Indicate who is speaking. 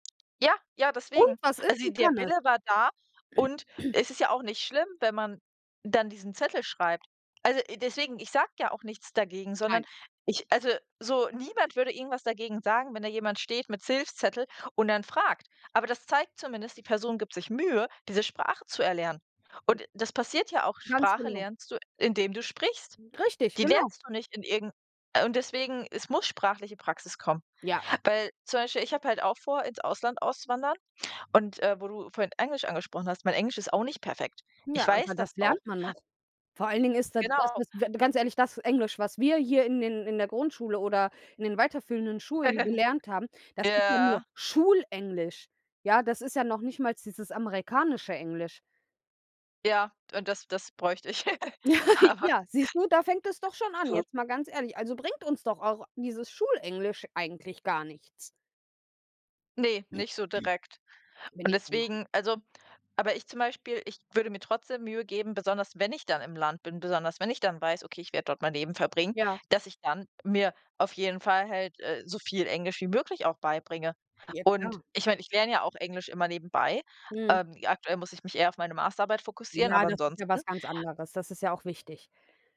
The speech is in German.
Speaker 1: Ja, ja,
Speaker 2: Und
Speaker 1: deswegen.
Speaker 2: was ist?
Speaker 1: Also
Speaker 2: Sie
Speaker 1: der
Speaker 2: kann es.
Speaker 1: Wille war da und es ist ja auch nicht schlimm, wenn man dann diesen Zettel schreibt. Also, äh, deswegen, ich sage ja auch nichts dagegen, sondern
Speaker 2: Nein.
Speaker 1: ich, äh also so niemand würde irgendwas dagegen sagen, wenn da jemand steht mit Hilfszettel und dann fragt. Aber das zeigt zumindest, die Person gibt sich Mühe, diese Sprache zu erlernen. Und das passiert ja auch.
Speaker 2: Ganz
Speaker 1: Sprache
Speaker 2: genau.
Speaker 1: lernst du, indem du sprichst.
Speaker 2: Richtig,
Speaker 1: Die
Speaker 2: genau.
Speaker 1: lernst du nicht in irgend und deswegen, es muss sprachliche Praxis kommen.
Speaker 2: Ja.
Speaker 1: Weil zum Beispiel, ich habe halt auch vor, ins Ausland auszuwandern. Und, äh, wo du vorhin Englisch angesprochen hast, mein Englisch ist auch nicht perfekt.
Speaker 2: N
Speaker 1: Ich
Speaker 2: Ja,
Speaker 1: weiß
Speaker 2: aber
Speaker 1: das
Speaker 2: das
Speaker 1: auch.
Speaker 2: lernt man noch. Vor allen Dingen ist da das
Speaker 1: Genau.
Speaker 2: ist d ganz ehrlich, das Englisch, was wir hier in in in der Grundschule oder in den weiterführenden Schulen gelernt haben, das ist ja nur
Speaker 1: Ja.
Speaker 2: Schulenglisch. Ja, das ist ja noch nicht mal dieses amerikanische Englisch.
Speaker 1: Ja, und das das bräuchte ich aber
Speaker 2: Ja, siehst du, da fängt es doch schon an, jetzt mal ganz ehrlich. Also bringt uns doch auch dieses Schulenglisch eigentlich gar nichts.
Speaker 1: Ne, nicht so direkt. Und
Speaker 2: [unintelligible]
Speaker 1: deswegen also aber ich zum Beispiel, ich würde mir trotzdem Mühe geben, besonders wenn ich dann im Land bin. Besonders wenn ich dann weiß: „Okay, werde dort mein Leben verbringen.“
Speaker 2: Ja.
Speaker 1: Dass ich dann mir auf jeden Fall halt, äh, so viel Englisch wie möglich auch beibringe.
Speaker 2: Ja,
Speaker 1: Und
Speaker 2: klar.
Speaker 1: ich meine, ich lerne ja auch Englisch immer nebenbei.
Speaker 2: Mhm.
Speaker 1: Ähm. Aktuell muss ich mich eher auf meine Masterarbeit fokussieren,
Speaker 2: Ja,
Speaker 1: aber
Speaker 2: das ist ja
Speaker 1: ansonsten
Speaker 2: was ganz anderes. Das ist ja auch wichtig.